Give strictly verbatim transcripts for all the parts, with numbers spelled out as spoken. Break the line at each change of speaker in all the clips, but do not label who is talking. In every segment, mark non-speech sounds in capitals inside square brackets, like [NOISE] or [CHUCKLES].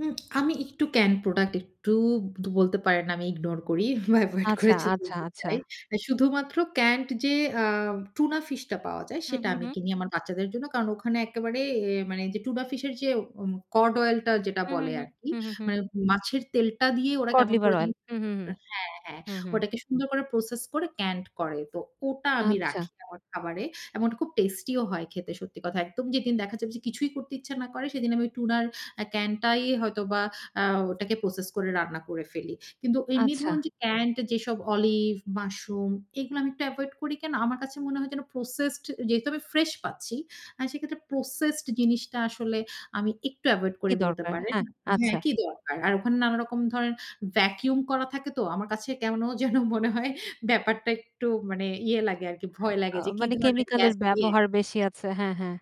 উম আমি একটু can product একটু ধু বলতে পারেন আমি ইগনোর করি বা এভয়েড করে
আচ্ছা, আচ্ছা,
[UNINTELLIGIBLE]
আচ্ছা।
চাই। অ্যা শুধুমাত্র ক্যান্ড যে, আ টুনা ফিশটা পাওয়া যায়
হু,
সেটা
হু,
আমি
হু।
কিনি আমার বাচ্চাদের জন্য। কারণ ওখানে একেবারে অ্যা মানে যে টুনা ফিশ এর যে উম কড অয়েলটা যেটা
উহু,
বলে
হু,
আরকি,
হু, হু, হু।
মানে মাছের তেলটা দিয়ে ওরা
কড
কেমন
লিভার
করে
অয়েল
যানি
হু, হু, হু,
হ্যাঁ, হ্যাঁ
হু, হু।
ওটাকে সুন্দর করে প্রসেস করে ক্যান্ড করে। তো ওটা আমি
আচ্ছা।
রাখি আমার খাবারে। এমন খুব টেস্টি ও হয় খেতে, সত্যি কথা। একদম যেদিন দেখা যাবে কিছুই করতে ইচ্ছা না করে সেদিন আমি টুনার অ্যা ক্যানটাই হয়তোবা আ ওটাকে আ প্রসেস করে রান্না করে ফেলি। কিন্তু এমনি
আচ্ছা।
ধরুন যে ক্যান্ড যেসব অলিভ, মাশরুম, এগুলা আমি একটু এভয়েড করি কেন? আমার কাছে মনে হয় যেন প্রসেসড, যেহেতু আমি ফ্রেশ পাচ্ছি আ সেক্ষেত্রে প্রসেসড জিনিসটা আসলে আমি একটু এভয়েড করি
কি
বলতে
দরকার?
পারেন।
হ্যাঁ,
হ্যাঁ,
আচ্ছা।
কি দরকার। আর ওখানে নানারকম ধরনের ভ্যাকুম করা থাকে তো। আমার কাছে কেমনো যেন মনে হয় ব্যাপারটা একটু মানে ইয়ে লাগে আরকি ভয় লাগে
আ
যে কি
মানে
ধরনের
কেমিক্যাল
গ্যাস
এর
দিয়ে
ব্যবহার বেশি আছে। হ্যাঁ, হ্যাঁ।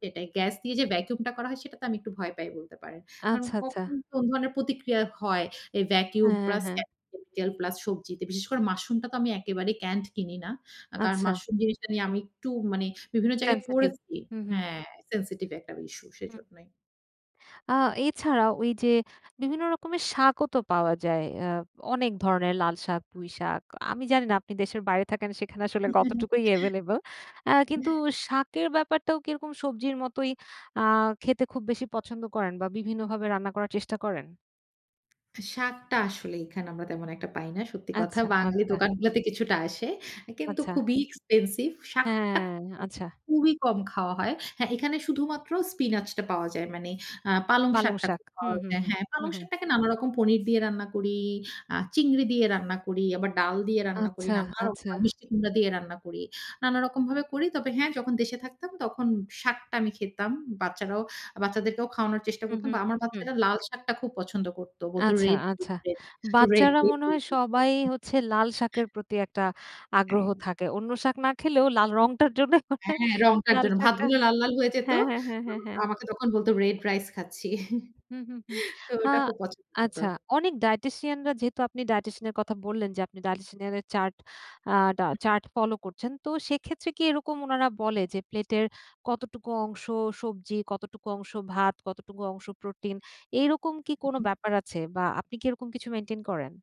সেটাই গ্যাস দিয়ে যে ভ্যাকুমটা করা হয় সেটাতে আমি একটু ভয় পাই, বলতে পারেন। কারণ
আচ্ছা, আচ্ছা।
কখন কোন ধরনের প্রতিক্রিয়া হয় এই ভ্যাকুম
হ্যাঁ,
প্লাস
হ্যাঁ।
কেমিক্যাল প্লাস সবজিতে। বিশেষ করে মাশরুমটা তো আমি একেবারেই ক্যান্ড কিনি না। আ কারণ
আচ্ছা।
মাশরুম জিনিসটা নিয়ে আমি একটু মানে বিভিন্ন জায়গায়
সেনসিটিভ।
পড়েছি
হু, হু।
হ্যাঁ, সেনসিটিভ একটা ইস্যু সেজন্যই।
আ এছাড়া ওই যে বিভিন্ন রকমের শাকও তো পাওয়া যায়। আ অনেক ধরনের লাল শাক, পুই শাক। আমি জানি না আপনি দেশের বাইরে থাকেন সেখানে আসলে কতটুকুই
[UNINTELLIGIBLE]
এভেইলেবল। অ্যা কিন্তু
[UNINTELLIGIBLE]
শাকের ব্যাপারটাও কিরকম সবজির মতোই আ খেতে খুব বেশি পছন্দ করেন? বা বিভিন্নভাবে রান্না করার চেষ্টা করেন?
শাকটা আসলে এখানে আমরা তেমন একটা পাই না। সত্যি কথা।
আচ্ছা,
বাঙালি
আচ্ছা।
দোকান গুলাতে কিছুটা আসে। কিন্তু
আচ্ছা।
খুবই এক্সপেনসিভ, শাকটা
হ্যাঁ,
খুব,
আচ্ছা।
খুবই কম খাওয়া হয়। হ্যাঁ, এখানে শুধুমাত্র স্পিনাচটা পাওয়া যায়। মানে আ পালং
পালং
শাকটা
শাক।
খুব
হুম,
পাওয়া
হুম,
যায়।
হুম,
হ্যাঁ,
হুম,
পালং
হুম।
শাকটাকে নানারকম পনির দিয়ে রান্না করি, আ চিংড়ি দিয়ে রান্না করি আবার ডাল দিয়ে রান্না করি,
আচ্ছা,
নানান রকম
আচ্ছা।
মিষ্টি কুমড়া দিয়ে রান্না করি। নানা রকম ভাবে করি। তবে হ্যাঁ, যখন দেশে থাকতাম তখন শাকটা আমি খেতাম। বাচ্চারাও, বাচ্চাদেরকেও খাওয়ানোর চেষ্টা
হু,
করতাম।
হু,
বা আমার
হু।
বাচ্চারা লাল শাকটা খুব পছন্দ করত। বলতো
আচ্ছা,
রেড,
আচ্ছা।
রেড, রেড
বাচ্চারা মনে হয় সবাই হচ্ছে লাল শাকের
[UNINTELLIGIBLE]
প্রতি একটা আগ্রহ
হ্যাঁ।
থাকে। অন্য শাক না খেলেও লাল রংটার জন্যে মানে
হ্যাঁ, রংটার
লাল
জন্য ভাত
শাকটা
গুলো লাল, লাল হয়ে যেত।
হ্যাঁ, হ্যাঁ, হ্যাঁ, হ্যাঁ, হ্যাঁ।
আমাকে তখন বলত রেড রাইস খাচ্ছি। [CHUCKLES]
হুম, হুম, হুম
তো,
আ
ওটা খুব পছন্দ করত।
আচ্ছা অনেক dietitian রা যেহেতু আপনি dietitian এর কথা বললেন, যে আপনি dietitian এর চার্ট আ টা চার্ট ফলো করছেন। তো সেক্ষেত্রে কি এরকম ওনারা বলে যে প্লেটের কতটুকু অংশ সবজি, কতটুকু অংশ ভাত, কতটুকু অংশ প্রোটিন, এইরকম কি কোনো
উহুম।
ব্যাপার আছে? বা আপনি কি এরকম কিছু মেইনটেইন করেন?